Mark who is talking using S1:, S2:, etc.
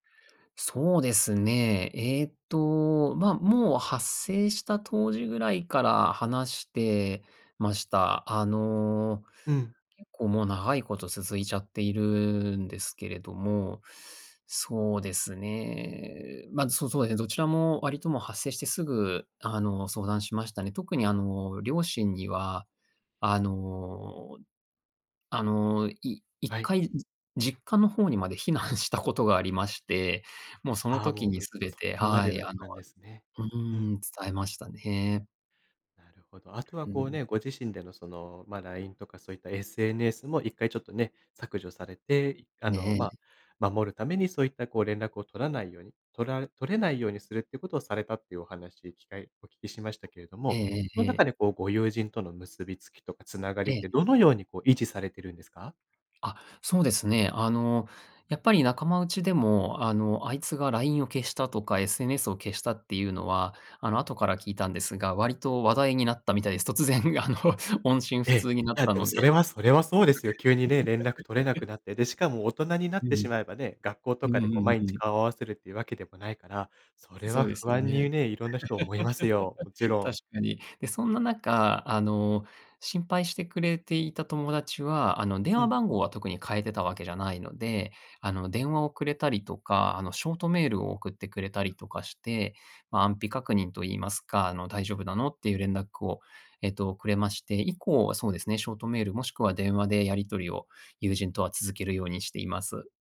S1: そうですね、えっと、ま、もう発生した当時ぐらいから話してました。あの、
S2: うん。
S1: 結構もう長いこと続いちゃっているんですけれども、そうですね、ま、そうそう、え、どちらも割ともう発生してすぐ、あの、相談しましたね。特にあの、両親には、あのあの、いいっ
S2: はい。
S1: かい実家の方にまで避難したことがありまして、もうその
S2: ああ、
S1: 時
S2: もう、
S1: に
S2: うん、
S1: すべ
S2: そ
S1: て
S2: こま
S1: は
S2: でだ
S1: い、
S2: っ
S1: あの
S2: たんですね。
S1: う
S2: うん。
S1: ん、伝えましたね。
S2: なるほど。後は
S1: う
S2: こう
S1: ん。
S2: ね、ご自身での、その、ま、LINE とかそういった SNS も1回ちょっとね、削除されて、あ
S1: え
S2: の、
S1: え
S2: ま、
S1: え。
S2: 守るためにそういったこう連絡を取らないように、とら取れないようにするっていうことをされたっていうお話、機会、お聞きしましたけれど
S1: え
S2: も、
S1: ええ
S2: の
S1: ええ
S2: 中
S1: え。
S2: でこう、ご友人との結びつきとか繋が
S1: え
S2: りっ
S1: え。
S2: てどのようにこう、維持されてるんですか？
S1: あ、そうですね、あの、やっぱり仲間内でも、あの、あいつが LINE を消したとか、SNS を消したっていうのは、あの、後から聞いたんですが、割と話題になったみたいです。突然あの、音信
S2: え
S1: 不
S2: え、
S1: 通になっ
S2: や、
S1: た
S2: でも
S1: の
S2: そ
S1: で。
S2: れ
S1: [unintelligible]
S2: はそれはそうですよ。急にね、連絡取れなく なって、で、しかも大人にな
S1: う
S2: っ
S1: う
S2: て
S1: ん、
S2: しまえばね、学校と
S1: う
S2: か
S1: ん
S2: で
S1: う
S2: こう
S1: ん
S2: 毎
S1: う
S2: 日
S1: ん。
S2: 顔を合わせるっていうわけでもないから、それ
S1: そ
S2: は
S1: うです
S2: 不
S1: よ
S2: 安
S1: ね。
S2: にね、いろんな人思いますよ。もち ろ
S1: 確
S2: ん。
S1: かに。で、そんな中、あの、心配してくれていた友達は、あの、電
S2: う
S1: 話
S2: ん。
S1: 番号は特に変えてたわけじゃないので、あの、電話をくれたりとか、あの、ショートメールを送ってくれたりとかして、ま、安否確認と言いますか、あの、大丈夫なの？っていう連絡を、えっと、くれまして、以降はそうですね、ショートメール、もしくは電話でやり取りを、友人とは続けるようにしています。